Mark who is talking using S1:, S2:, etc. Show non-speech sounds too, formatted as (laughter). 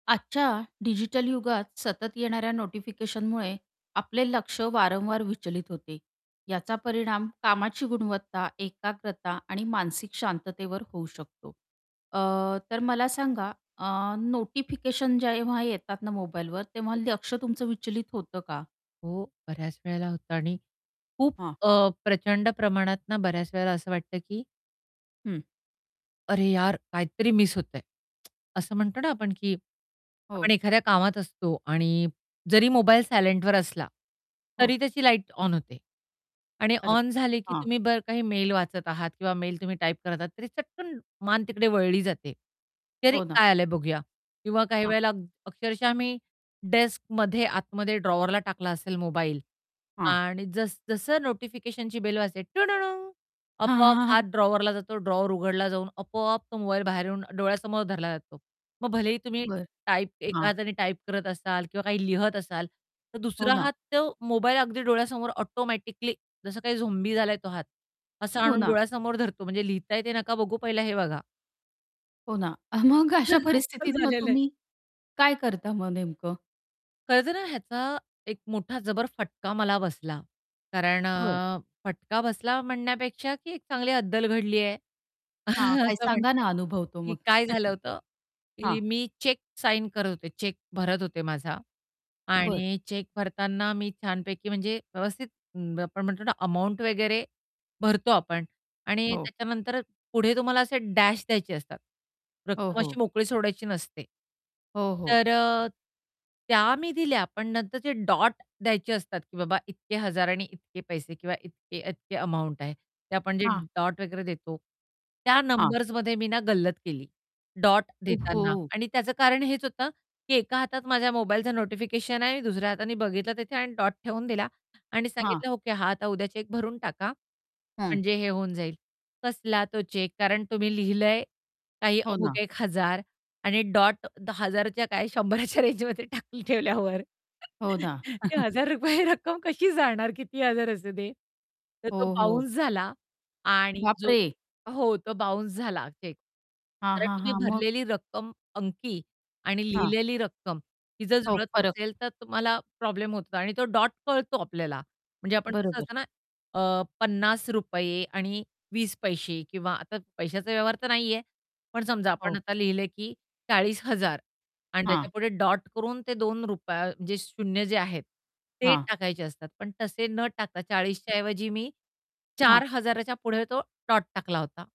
S1: आजच्या डिजिटल युगात सतत येणाऱ्या नोटिफिकेशनमुळे आपले लक्ष वारंवार विचलित होते, याचा परिणाम कामाची गुणवत्ता, एकाग्रता, आणि मानसिक शांततेवर होऊ शकतो अ, तर मला सांगा अ, नोटिफिकेशन जेव्हा येतात ना मोबाईलवर तेव्हा
S2: बरो
S1: लक्ष तुमचं विचलित होतं का?
S2: हो बऱ्याच वेळेला होतं आणि खूप
S1: हां.
S2: अ, प्रचंड प्रमाणात ना बऱ्याच वेळेला असं वाटतं की
S1: हं.
S2: अरे यार! काहीतरी मिस होतंय. (tsk) असं म्हणतो ना आपण की आपण
S1: हो.
S2: एखाद्या कामात असतो आणि जरी मोबाईल सायलेंटवर असला
S1: हो.
S2: तरी त्याची लाईट ऑन होते. आणि
S1: अरे
S2: ऑन झाली की
S1: हां.
S2: तुम्ही बरं काही मेल वाचत आहात किंवा मेल तुम्ही टाइप करत आहात, तरी चटकन मान तिकडे वळली जाते. की अरे
S1: हो ना.
S2: काय आलंय बघूया किंवा काही
S1: हां.
S2: वेळेला अ, अक्षरशः मी डेस्कमध्ये आतमध्ये ड्रॉवरला टाकला असेल मोबाईल
S1: हां.
S2: आणि जस-जसं नोटिफिकेशनची बेल वाजते
S1: हां, हां,
S2: आपोआप
S1: हां,
S2: हात
S1: हां.
S2: ड्रॉवरला जातो, ड्रॉवर उघडला जाऊन आपोआप तो मोबाईल बाहेर येऊन डोळ्यासमोर धरला जातो. मग भलेही तुम्ही
S1: बरं,
S2: टाइप एका
S1: हां.
S2: हाताने टाइप करत असाल, किंवा काही लिहित असाल तर
S1: हो
S2: दुसरा
S1: ना.
S2: हात तो मोबाईल अगदी डोळ्यासमोर ऑटोमॅटिकली जसं काही झोंबी झालाय तो हात असं
S1: हो
S2: आणून
S1: ना.
S2: डोळ्यासमोर धरतो म्हणजे लिहिता येते नका बघू पहिला हे बघा.
S1: हो ना. अ, मग अशा
S2: (chuckles) असं
S1: परिस्थितीत मग
S2: झालेलं आहे.
S1: तुम्ही काय करता मग नेमकं?
S2: कळतंय ना ह्याचा एक मोठा जबर फटका मला बसला. कारण
S1: होय.
S2: अ, फटका बसला म्हणण्यापेक्षा की एक चांगली अद्दल घडली आहे
S1: हा
S2: (chuckles)
S1: काय
S2: असं
S1: सांगा
S2: म्हणता
S1: ना
S2: येईल
S1: अनुभव तो
S2: की
S1: मग?
S2: काय झालं
S1: (chuckles)
S2: होतं
S1: हां.
S2: की मी चेक साइन करत होते चेक भरत होते माझा,
S1: बरं.
S2: आणि चेक भरताना मी छानपैकी म्हणजे व्यवस्थित अं, आपण म्हणतो ना अमाउंट वगैरे भरतो आपण आणि
S1: हो.
S2: त्याच्यानंतर पुढे तुम्हाला असे डॅश द्यायचे असतात
S1: हो,
S2: रक्कम
S1: हो.
S2: अशी मोकळी सोडायची नसते.
S1: हो, हो.
S2: तर अ, त्या मी दिल्या पण नंतर जे डॉट द्यायचे असतात की बाबा इतके हजार आणि इतके पैसे किंवा इतके, इतके अमाउंट आहे ते आपण जे
S1: हां.
S2: डॉट वगैरे देतो, त्या
S1: हां.
S2: नंबर्समध्ये मी ना गल्लत केली. डॉट
S1: उफ,
S2: देताना
S1: हो.
S2: आणि त्याचं कारण हेच होतं, की एका हातात माझ्या मोबाईलचं नोटिफिकेशन आहे, दुसऱ्या हाताने बघितलं तिथे आणि डॉट ठेवून दिला आणि
S1: हां.
S2: सांगितलं, "ओके. हा आता उद्या चेक भरून टाका.
S1: हं.
S2: म्हणजे हे होऊन जाईल." कसला तो चेक? कारण तुम्ही लिहिलंय काही
S1: हो
S2: अमुक
S1: ना.
S2: ₹1,000 आणि डॉट, तो हजाराच्या काय शंभराच्या रेंजमध्ये टाकून ठेवल्यावर, ते
S1: हो ना.
S2: एक
S1: (chuckles)
S2: हजार रुपये रक्कम कशी जाणार किती हजार असते ते, तर तो
S1: हो, हो.
S2: बाउन्स झाला. आणि
S1: बाप
S2: जो
S1: रे!
S2: हो. तो बाउन्स झाला चेक,
S1: हां,
S2: कारण
S1: हां,
S2: तुम्ही
S1: हां, मग?
S2: भरलेली रक्कम अंकी आणि
S1: हां.
S2: लिहिलेली रक्कम ही जर
S1: हो,
S2: जुळत
S1: फरक.
S2: नसेल तर तुम्हाला प्रॉब्लेम होतो आणि तो डॉट कळतो आपल्याला. म्हणजे आपण कसं
S1: बरोबर.
S2: असतं ना अ, ₹50 आणि 20 पैसे किंवा आता पैशाचा व्यवहार तर नाहीये. पण समजा आपण
S1: हो.
S2: आता लिहिलंय की ₹40,000 आणि
S1: हां.
S2: त्याच्यापुढे डॉट करून ते ₹2 म्हणजे शून्य जे आहेत ते
S1: हां.
S2: टाकायचे असतात पण तसे न टाकता ₹40च्या ऐवजी मी
S1: हां.
S2: ₹4000 च्या पुढे तो डॉट टाकला होता.